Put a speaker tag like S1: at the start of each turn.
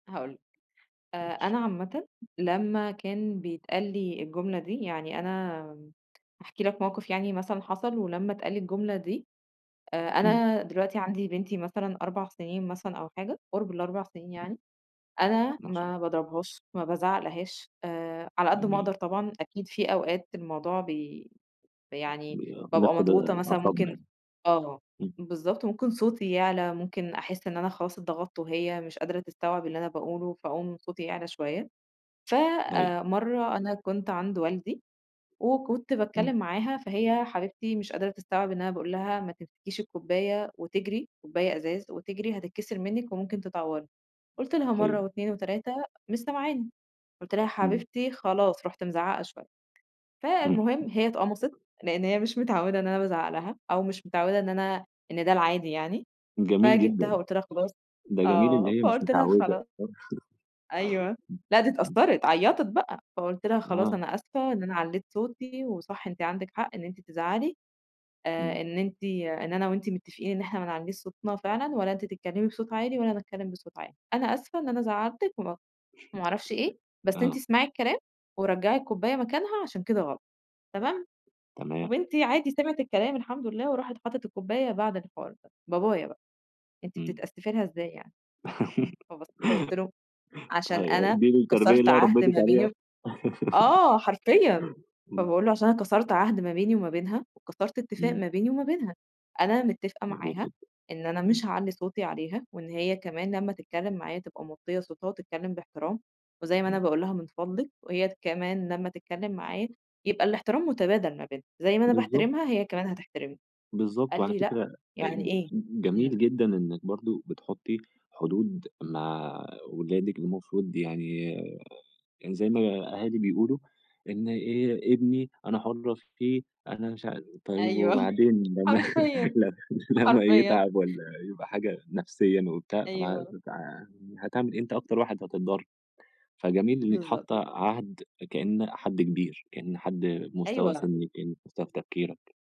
S1: هاقول لك، آآ،
S2: ماشي.
S1: أنا عامةً لمّا كان بيتقال لي الجملة دي، يعني أنا هاحكي لك موقف يعني مثلًا حصل ولمّا اتقال لي الجملة دي آآ،
S2: إمم.
S1: أنا دلوقتي عندي بنتي مثلًا 4 سنين مثلًا أو حاجة قُرب ال4 سنين يعني،
S2: [unintelligible]
S1: أنا
S2: ما شاء ا
S1: ما باضربهاش ما بازعقلهاش آآ، على قد ما أقدر
S2: جميل.
S1: طبعًا أكيد في أوقات الموضوع ب يعني
S2: ن
S1: بابقى
S2: نفقد
S1: مضغوطة مثلًا
S2: أعصابنا
S1: ممكن
S2: يعني.
S1: آه.
S2: إمم.
S1: بالضبط ممكن صوتي يعلى ممكن أحس إن أنا خلاص اتضغطت وهي مش قادرة تستوعب اللي أنا باقوله فأقوم صوتي يعلى شوية،
S2: أيوه.
S1: فمرة أنا كنت عند والدي وكنت
S2: إمم.
S1: باتكلم معاها، فهي حبيبتي مش قادرة تستوعب إن أنا باقول لها ما تمسكيش الكوباية وتجري، كوباية ازاز وتجري هتتكسر منِك وممكن تتعوري، قُلت لها مرة
S2: حلو.
S1: و2 و3 مش سمعاني، قُلت لها
S2: إمم.
S1: حبيبتي خلاص رُحت مزعقة شوية،
S2: إمم.
S1: فالمهم هي اتقمصت
S2: [unintelligible]
S1: لأن هي مش متعودة إن أنا بازعق لها أو مش متعودة إن أنا إن ده العادي يعني،
S2: جميل جدًا.
S1: فجيبتها وقُلت لها خلاص.
S2: ده جميل
S1: آه
S2: اللي هي مش
S1: فقُلت لها
S2: متعودة.
S1: خلا أيوه.
S2: إمم.
S1: لأ دي
S2: إمم.
S1: اتأثرت عيطت بقى، فقُلت لها: "خلاص
S2: آه.
S1: أنا آسفة إن أنا علّيت صوتي وصح أنتِ عندِك حق إن أنتِ تزعلي آآ،
S2: إمم.
S1: إن أنتِ إن أنا وأنتِ متفقين إن احنا ما نعلّيش صوتنا فعلًا ولا أنتِ تتكلمي بصوت عالي ولا أنا أتكلم بصوت عالي، أنا آسفة إن أنا زعلتِك و وما أعرفش إيه، بس أنتِ
S2: آه.
S1: اسمعي الكلام ورجعي الكوباية مكانها عشان كده غلط، تمام؟"،
S2: تمام.
S1: وبنتي عادي سمعت الكلام الحمد لله، وراحت حطت الكوباية بعد الحوار ده، بابايا بقى: "أنتِ
S2: إمم.
S1: بتتأسفي لها إزاي يعني؟" فبصيت له وقُلت له: "عشان
S2: أيوه.
S1: أنا
S2: "دي التربية
S1: كسرت
S2: اللي
S1: عهد
S2: ربيتِك
S1: ما
S2: عليها؟!"
S1: بيني" آه حرفيًا،
S2: إمم.
S1: فباقول له: "عشان أنا كسرت عهد ما بيني وما بينها وكسرت اتفاق
S2: إمم.
S1: ما بيني وما بينها، أنا متفقة
S2: جميل
S1: معاها
S2: جدًا.
S1: إن أنا
S2: إمم.
S1: مش هاعلّي صوتي عليها وإن هي كمان لما تتكلم معايا تبقى موطية صوتها وتتكلم باحترام، وزي ما أنا
S2: أيوه.
S1: باقول لها من فضلِك وهي كمان لمّا تتكلم معايا يبقى الاحترام متبادل ما بيننا، زي ما أنا
S2: بالضبط.
S1: باحترمها هي كمان هتحترمني."،
S2: بالضبط.
S1: قال
S2: وعلى
S1: لي: "لأ،
S2: فكرة
S1: يعني
S2: ج
S1: إيه؟!".
S2: جميل
S1: إمم.
S2: جدًا إنِك برضو بتحطي حدود مع ولادِك، المفروض يعني يعني زي ما الأهالي بيقولوا، إن ابني أنا حرة فيه أنا مش عا طيب
S1: أيوه.
S2: وبعدين لمّا
S1: حرفيًا.
S2: لمّا
S1: حرفيًا.
S2: يتعب ولا يبقى حاجة نفسيًا وبتاع طَب هت
S1: أيوه.
S2: هتعمل إيه أنت أكتر واحد هتتضر. فجميل إنِك
S1: بالضبط.
S2: حاطة عهد كأن حد كبير، كأن حد مستوى
S1: أيوه.
S2: سنِّك، كأن مستوى في تفكيرك.